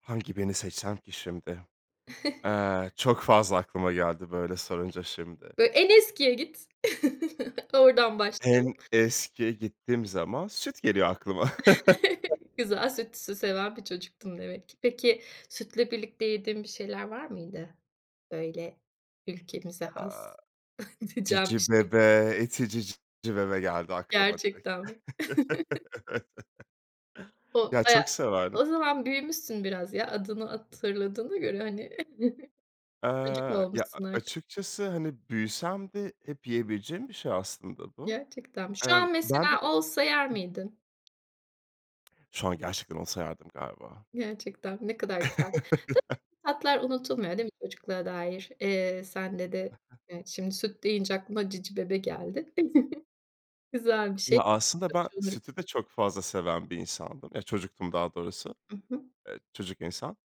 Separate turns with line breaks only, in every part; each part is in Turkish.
Hangi birini seçsem ki şimdi? Eee, çok fazla aklıma geldi böyle sorunca şimdi.
Böyle en eskiye git, oradan
En
başlayalım.
eski gittiğim zaman süt geliyor aklıma.
Güzel süt sü seven bir çocuktun demek ki. Peki, sütle birlikte yediğin bir şeyler var mıydı? Böyle ülkemize
Aaa,
has diyeceğin bir şey?
Cicibebe, ETİ Cicibebe geldi aklıma direkt.
Gerçekten mi? O
Ya,
baya
çok severdim.
o zaman büyümüşsün biraz ya adını hatırladığına göre hani. Çocuk mu
Eee, ya,
olmuşsun artık?
açıkçası hani büyüsem de hep yiyebileceğim bir şey aslında bu.
Gerçekten mi? Şu
Emm,
an
ben bir
mesela
de
olsa yer
Hı hı.
miydin?
Şu an gerçekten olsa yerdim galiba.
Gerçekten ne kadar güzel. Tabii ki, tatlar unutulmuyor, değil mi çocukluğa dair? Eee, sende de şimdi süt deyince aklına Cicibebe geldi. Güzel bir şey.
Ya, aslında ben
[unintelligible]
sütü de çok fazla seven bir insandım ya çocuktum daha doğrusu.
I hı.
Eee, çocuk insan.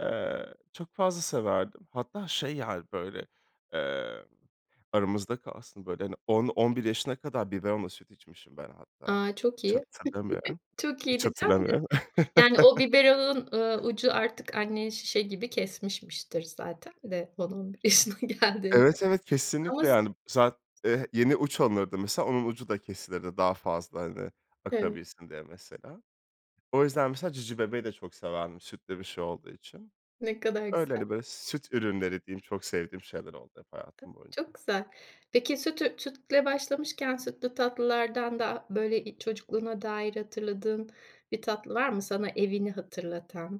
Eee, çok fazla severdim. Hatta şey yani, böyle, eee, aramızda kalsın böyle hani 10-11 yaşına kadar biberonla süt içmişim ben hatta.
A, çok
Hiç
iyi
hatırlamıyorum.
çok iyi
Hiç
diyeceğim de
hatırlamıyorum.
yani o biberonun, ııı, ucu artık anneye şişe gibi kesmişmiştir zaten de 10-11 yaşına geldiğinde
Evet, evet,
ama
kesinlikle
se
yani. [unintelligible] Eee, yeni uç alınırdı mesela onun ucu da kesilirdi daha fazla hani
Evet.
akabilsin diye mesela. O yüzden mesela Cicibebe'yi de çok severdim sütlü bir şey olduğu için.
Ne kadar
Öyle,
güzel.
hani, böyle süt ürünleri diyeyim çok sevdiğim şeyler oldu hep
A,
hayatım boyunca.
çok güzel. Peki sütü sütle başlamışken sütlü tatlılardan da böyle i çocukluğuna dair hatırladığın bir tatlı var mı sana evini hatırlatan?